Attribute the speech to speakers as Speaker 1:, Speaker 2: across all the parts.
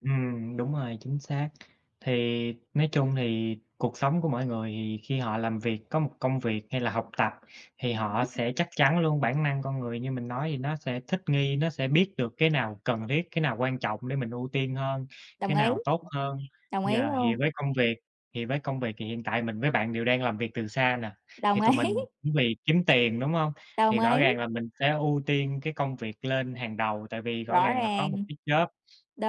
Speaker 1: Ừm, đúng rồi, chính xác. Thì nói chung thì cuộc sống của mỗi người thì khi họ làm việc, có một công việc hay là học tập, thì
Speaker 2: Ừm
Speaker 1: họ
Speaker 2: hứm.
Speaker 1: sẽ chắc chắn luôn, bản năng con người như mình nói thì nó sẽ thích nghi, nó sẽ biết được cái nào cần thiết, cái nào quan trọng để mình ưu tiên hơn,
Speaker 2: Đồng
Speaker 1: cái
Speaker 2: ý.
Speaker 1: nào tốt hơn.
Speaker 2: Đồng ý
Speaker 1: Yeah. Thì
Speaker 2: luôn.
Speaker 1: với công việc thì với công việc thì hiện tại mình với bạn đều đang làm việc từ xa nè, thì
Speaker 2: Đồng
Speaker 1: tụi
Speaker 2: ý.
Speaker 1: mình cũng vì kiếm tiền, đúng hông?
Speaker 2: Đồng
Speaker 1: Thì rõ
Speaker 2: ý.
Speaker 1: ràng là mình sẽ ưu tiên cái công việc lên hàng đầu tại vì rõ
Speaker 2: Rõ
Speaker 1: ràng là có một
Speaker 2: ràng.
Speaker 1: cái job.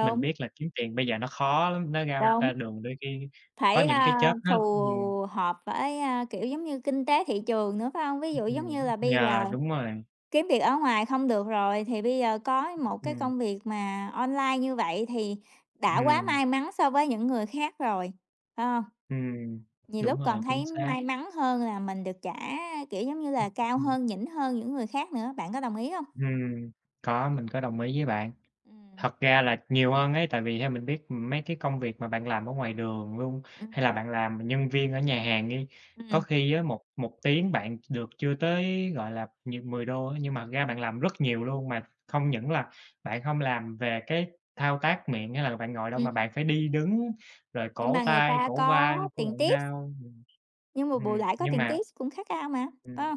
Speaker 1: Mình biết là kiếm tiền bây giờ nó khó lắm, nó ra
Speaker 2: Đúng.
Speaker 1: ra đường đôi khi có
Speaker 2: Phải,
Speaker 1: những cái
Speaker 2: a,
Speaker 1: job nó
Speaker 2: phù
Speaker 1: ừm.
Speaker 2: hợp với, a, kiểu giống như kinh tế thị trường nữa, phải hông? Ví dụ giống như
Speaker 1: Ừm.
Speaker 2: là bây
Speaker 1: Yeah,
Speaker 2: giờ
Speaker 1: đúng rồi.
Speaker 2: kiếm việc ở ngoài không được rồi, thì bây giờ có một cái
Speaker 1: Ừm.
Speaker 2: công việc mà online như vậy thì đã quá
Speaker 1: Hừm.
Speaker 2: may mắn so với những người khác rồi, phải hông?
Speaker 1: Ừm,
Speaker 2: Nhiều
Speaker 1: đúng
Speaker 2: lúc còn
Speaker 1: rồi, chính
Speaker 2: thấy
Speaker 1: xác.
Speaker 2: may mắn hơn là mình được trả, kiểu giống như là,
Speaker 1: Ừm
Speaker 2: cao
Speaker 1: hưm.
Speaker 2: hơn, nhỉnh hơn những người khác nữa, bạn có đồng ý hông?
Speaker 1: Hừm. Có, mình có đồng ý với bạn.
Speaker 2: Ừm.
Speaker 1: Thật ra là nhiều hơn ấy, tại vì theo mình biết, ừm, mấy cái công việc mà bạn làm ở ngoài đường luôn,
Speaker 2: Ừm.
Speaker 1: hay là bạn làm nhân viên ở nhà hàng đi. Có
Speaker 2: Ừm.
Speaker 1: khi á, một một tiếng bạn được chưa tới, gọi là, nh 10 đô á, nhưng mà thật ra bạn
Speaker 2: Ừm.
Speaker 1: làm rất nhiều luôn. Mà không những là bạn không làm về cái thao tác miệng hay là bạn ngồi đâu. Mà
Speaker 2: Ừm.
Speaker 1: bạn phải đi đứng rồi
Speaker 2: Nhưng
Speaker 1: cổ
Speaker 2: mà người
Speaker 1: tay,
Speaker 2: ta
Speaker 1: cổ
Speaker 2: có
Speaker 1: vai của
Speaker 2: tiền
Speaker 1: bạn
Speaker 2: tip.
Speaker 1: đau, ừm.
Speaker 2: Nhưng mà bù
Speaker 1: Hừm,
Speaker 2: lại có
Speaker 1: nhưng
Speaker 2: tiền
Speaker 1: mà
Speaker 2: tip cũng khác cao mà,
Speaker 1: Ừm.
Speaker 2: phải hông?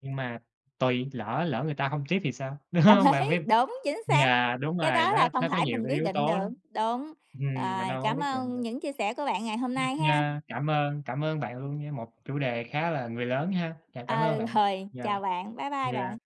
Speaker 1: Nhưng mà tuỳ, lỡ lỡ người ta hông tip thì sao, đúng
Speaker 2: Đồng
Speaker 1: hông?
Speaker 2: ý,
Speaker 1: Bạn phải
Speaker 2: đúng, chính xác,
Speaker 1: yeah, đúng
Speaker 2: cái
Speaker 1: rồi
Speaker 2: đó
Speaker 1: nó
Speaker 2: là không
Speaker 1: nó có
Speaker 2: phải
Speaker 1: nhiều
Speaker 2: mình
Speaker 1: cái
Speaker 2: quyết
Speaker 1: yếu
Speaker 2: định
Speaker 1: tố
Speaker 2: được,
Speaker 1: lắm.
Speaker 2: đúng.
Speaker 1: Hừm, mình
Speaker 2: Rồi,
Speaker 1: đâu có
Speaker 2: cảm
Speaker 1: quyết định
Speaker 2: ơn
Speaker 1: được.
Speaker 2: những chia sẻ của bạn ngày hôm nay há.
Speaker 1: Yeah, cảm ơn, cảm ơn bạn luôn nha, một chủ đề khá là người lớn ha. Yeah, cảm ơn
Speaker 2: Ờ,
Speaker 1: bạn.
Speaker 2: rồi,
Speaker 1: Yeah.
Speaker 2: chào bạn, bye bye bạn.
Speaker 1: Yeah.